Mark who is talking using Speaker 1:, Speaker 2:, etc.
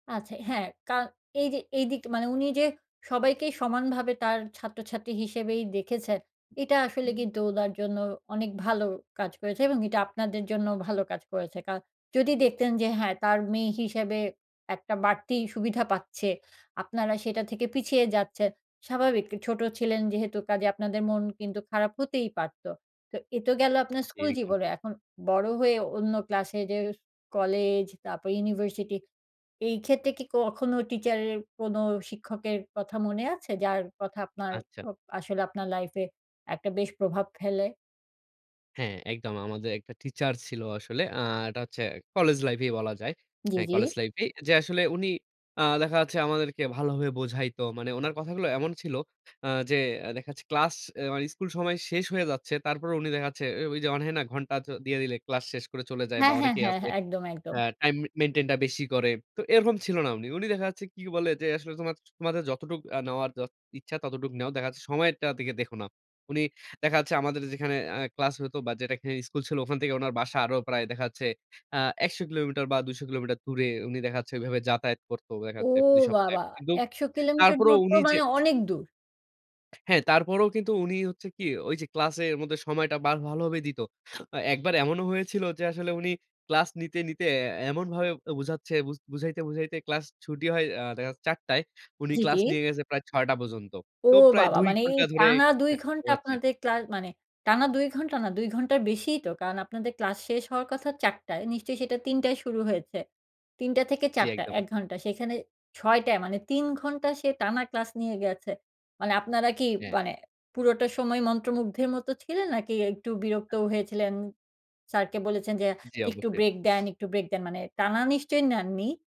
Speaker 1: আচ্ছা। হ্যাঁ, ক্যরণ এই যে এইদিক মানে উনি যে সবাইকেই সমানভাবে তার ছাত্রছাত্রী হিসেবেই দেখেছেন, এটা আসলে
Speaker 2: হুম।
Speaker 1: কিন্তু ওনার জন্য অনেক ভালো কাজ হয়েছে এবং এটা আপনাদের জন্যও ভালো কাজ হয়েছে। কারণ যদি দেখতেন যে হ্যাঁ, তার মেয়ে হিসেবে একটা বাড়তি সুবিধা পাচ্ছে আপনারা সেটা থেকে পিছিয়ে যাচ্ছেন, স্বাভাবিক ছোট ছিলেন যেহেতু কাজে আপনাদের মন কিন্তু খারাপ হতেই পারত। তো এ তো গেল আপনার
Speaker 2: জ্বী,
Speaker 1: স্কুল
Speaker 2: একদম।
Speaker 1: জীবনে। এখন বড় হয়ে অন্য ক্লাসে যে কলেজ, তারপর ইউনিভার্সিটি এই ক্ষেত্রে কি কখনো টিচার এর কোনো শিক্ষকের কথা মনে আছে? যার কথা আপনার,
Speaker 2: আচ্ছা।
Speaker 1: ও আসলে আপনার লাইফে একটা বেশ প্রভাব ফেলে।
Speaker 2: হ্যাঁ, একদম। আমাদের একটা টিচার ছিল আসলে। আ এটা হচ্ছে কলেজ লাইফই বলা যায়।
Speaker 1: জি,
Speaker 2: হ্যাঁ,
Speaker 1: জি।
Speaker 2: কলেজ লাইফেই। যে আসলে উনি আ দেখা যাচ্ছে আমাদেরকে ভালোভাবে বোঝাইতো। মানে উনার কথাগুলো এমন ছিল, আ যে অ্যা দেখা যাচ্ছে ক্লাস, এ মানে স্কুল সময় শেষ হয়ে যাচ্ছে। তারপরও উনি দেখা যাচ্ছে এ ওই যে অন হ্যাঁ, না ঘন্টা তো দিয়ে দিলে ক্লাস শেষ করে চলে যায় বা
Speaker 1: হ্যাঁ, হ্যাঁ,
Speaker 2: অনেকেই
Speaker 1: হ্যাঁ,
Speaker 2: আছে
Speaker 1: হ্যাঁ। একদম, একদম।
Speaker 2: আ টাইম মে মেইনটেইনটা বেশি করে। তো এরকম ছিল না উনি। উনি দেখা যাচ্ছে কি বলে যে আসলে তোমা তোমাদের যতটুক আ নেওয়ার, যত ইচ্ছা ততটুক নেও। দেখা যাচ্ছে সময়টার দিকে দেখো না। উনি দেখা যাচ্ছে আমাদের যেখানে আ ক্লাস হতো বা যেটাকে স্কুল ছিল ওখান থেকে ওনার বাসা আরো প্রায় দেখা যাচ্ছে আ ১০০ কিলোমিটার বা ২০০ কিলোমিটার দূরে উনি দেখা যাচ্ছে ওইভাবে যাতায়াত করতো দেখা
Speaker 1: ও
Speaker 2: যাচ্ছে প্রতি সপ্তায়।
Speaker 1: বাবা।
Speaker 2: কিন্তু
Speaker 1: ১০০ কিলোমিটার
Speaker 2: তারপরও
Speaker 1: দূর তো
Speaker 2: উনি যে
Speaker 1: মানে অনেক দূর।
Speaker 2: হ্যাঁ। তারপরও কিন্তু উনি হচ্ছে কি ওই যে ক্লাসের মধ্যে সময়টা বার ভালো ভাবেই দিত। আ একবার এমনও হয়েছিল যে আসলে উনি ক্লাস নিতে নিতে অ্যা এমনভাবে বুঝাচ্ছে বুঝ বুঝাইতে বুঝাইতে ক্লাস ছুটি হয় আ দেখা যাচ্ছে ৪ টায়। উনি
Speaker 1: জি,
Speaker 2: ক্লাস
Speaker 1: জি।
Speaker 2: নিয়ে গেছে প্রায় ৬ টা পর্যন্ত।
Speaker 1: ও
Speaker 2: তো প্রায়
Speaker 1: বাবা।
Speaker 2: ২
Speaker 1: মানে এই
Speaker 2: ঘণ্টা ধরে
Speaker 1: টানা ২
Speaker 2: অ্যা
Speaker 1: ঘণ্টা
Speaker 2: পড়াচ্ছে।
Speaker 1: আপনাদের ক্লা মানে টানা ২ ঘন্টা না, ২ ঘন্টার বেশিই তো। কারণ আপনাদের ক্লাস শেষ হওয়ার কথা ৪ টায়। নিশ্চয়ই সেটা ৩ টায় শুরু হয়েছে। ৩ টা থেকে
Speaker 2: জ্বি
Speaker 1: ৪ টা
Speaker 2: একদম।
Speaker 1: ১ ঘন্টা। সেইখানে ৬ টায় মানে ৩ ঘন্টা সে টানা ক্লাস নিয়ে গেছে। মানে আপনারা কি,
Speaker 2: হ্যাঁ।
Speaker 1: মানে পুরোটা সময় মন্ত্রমুগ্ধের মত ছিলেন? নাকি একটু বিরক্তও হয়েছিলেন? স্যারকে বলেছেন যে
Speaker 2: জ্বি
Speaker 1: একটু
Speaker 2: অবশ্যই।
Speaker 1: ব্রেক দেন, একটু ব্রেক দেন, মানে টানা নিশ্চয়ই নেননি?